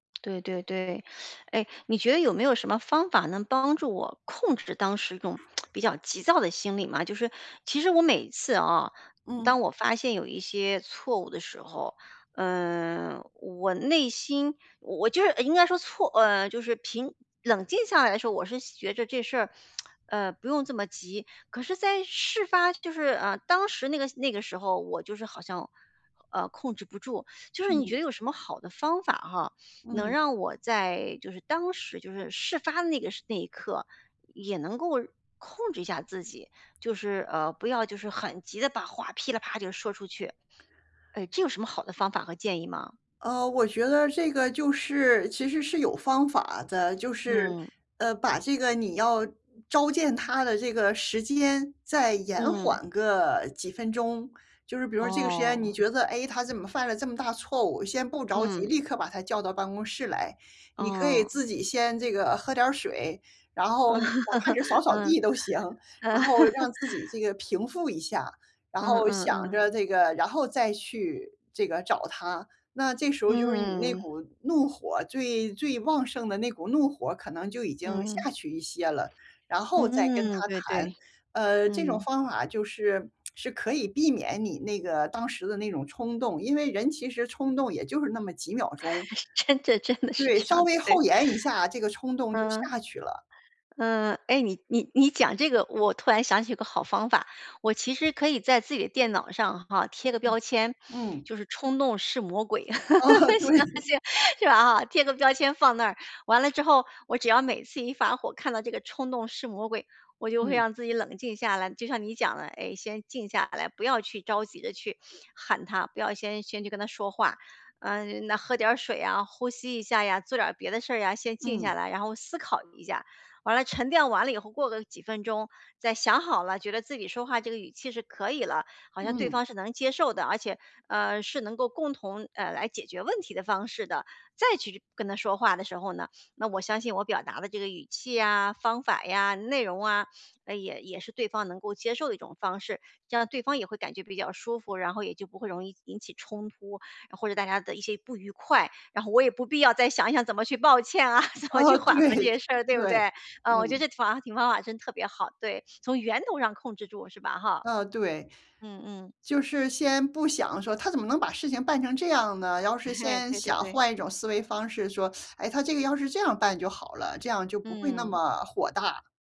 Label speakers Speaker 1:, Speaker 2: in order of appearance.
Speaker 1: 对对对，诶，你觉得有没有什么方法能帮助我控制当时这种 比较急躁的心理嘛？就是其实我每次啊，
Speaker 2: 嗯。
Speaker 1: 当我发现有一些错误的时候，呃，我内心我我就是诶，应该说错呃，就是平冷静下来的时候，我是想觉着这事儿，呃，不用这么急。可是在事发就是，呃，当时那个那个时候我就是好像，呃，控制不住，就是你觉得
Speaker 2: 嗯。
Speaker 1: 有什么好的方法哈，能
Speaker 2: 嗯。
Speaker 1: 让我在就是当时就是事发的那个时那一刻，也能够控制一下自己？就是，呃，不要就是很急地把话噼里啪啦就说出去，呃，这有什么好的方法和建议吗？
Speaker 2: 呃，我觉得这个就是其实是有方法的，就是，
Speaker 1: 嗯。
Speaker 2: 呃，把这个你要召见他的这个时间再延
Speaker 1: 嗯。
Speaker 2: 缓个几分钟。就是比如说这个时间你
Speaker 1: 哦。
Speaker 2: 觉得，诶，他怎么犯了这么大错误，先不着急
Speaker 1: 嗯。
Speaker 2: 立刻把他叫到办公室来。你可以
Speaker 1: 哦。
Speaker 2: 自己先这个喝点儿水，然
Speaker 1: 嗯，
Speaker 2: 后哪怕是扫 扫
Speaker 1: 嗯，呃。
Speaker 2: 地都行，然后让自己这 个平复一下，然
Speaker 1: 嗯
Speaker 2: 后
Speaker 1: 嗯
Speaker 2: 想
Speaker 1: 嗯。
Speaker 2: 着这个然后再去这个找他。那这时候就是你那
Speaker 1: 嗯。
Speaker 2: 股怒火最最旺盛的那股怒火儿可能就已经
Speaker 1: 嗯嗯。
Speaker 2: 下去一些了，然后再跟
Speaker 1: 嗯，
Speaker 2: 他
Speaker 1: 对对，
Speaker 2: 谈。呃，这种
Speaker 1: 嗯。
Speaker 2: 方法就是 是可以避免你那个当时的那种冲动，因为人其实冲动也就是那么几秒钟。
Speaker 1: 真的真的是
Speaker 2: 对，
Speaker 1: 这
Speaker 2: 稍
Speaker 1: 样的，
Speaker 2: 微
Speaker 1: 对。
Speaker 2: 后延一下，这个冲动就
Speaker 1: 嗯。
Speaker 2: 下去了。
Speaker 1: 嗯，诶，你你你讲这个，我突然想起一个好方法，我其实可以在自己的电脑上哈，贴个
Speaker 2: 嗯，
Speaker 1: 标签，
Speaker 2: 嗯。
Speaker 1: 就是“冲动是魔鬼”。
Speaker 2: 哦，
Speaker 1: 行，
Speaker 2: 对。
Speaker 1: 行，是吧哈？贴个标签放那儿，完了之后，我只要每次一发火，看到这个“冲动是魔鬼”，我就会
Speaker 2: 嗯。
Speaker 1: 让自己冷静下来。就像你讲的，诶，先静下来，不要去着急地去喊他，不要先先去跟他说话，呃，那喝点儿水啊，呼吸一下呀，做点儿别的事儿啊，先静下
Speaker 2: 嗯。
Speaker 1: 来。然后思考一下，完了沉淀完了以后，过个几分钟，再想好了，觉得自己说话这个语气是可以了，好像对
Speaker 2: 嗯。
Speaker 1: 方是能接受的，而且，呃，是能够共同，呃，来解决问题的方式的。再去跟他说话的时候呢，那我相信我表达的这个语气啊、方法呀、内容啊，呃，也也是对方能够接受的一种方式，这样对方也会感觉比较舒服，然后也就不会容易引起冲突，呃，或者大家的一些不愉快。然后我也不必要再想想怎么去抱歉啊、怎么去
Speaker 2: 呃，
Speaker 1: 缓和这
Speaker 2: 对，
Speaker 1: 些事儿，对不
Speaker 2: 对，
Speaker 1: 对？嗯，我觉
Speaker 2: 嗯。
Speaker 1: 得这挺方挺方法真的特别好，对，从源头上控制住是吧哈？
Speaker 2: 嗯，对。
Speaker 1: 嗯嗯。
Speaker 2: 就是先不想说：“他怎么能把事情办成这样呢？”要是
Speaker 1: 诶，
Speaker 2: 先
Speaker 1: 对对
Speaker 2: 想
Speaker 1: 对。
Speaker 2: 换一种思维方式说：“诶，他这个要是这样办就好了。”这样就不会那
Speaker 1: 嗯。
Speaker 2: 么火大。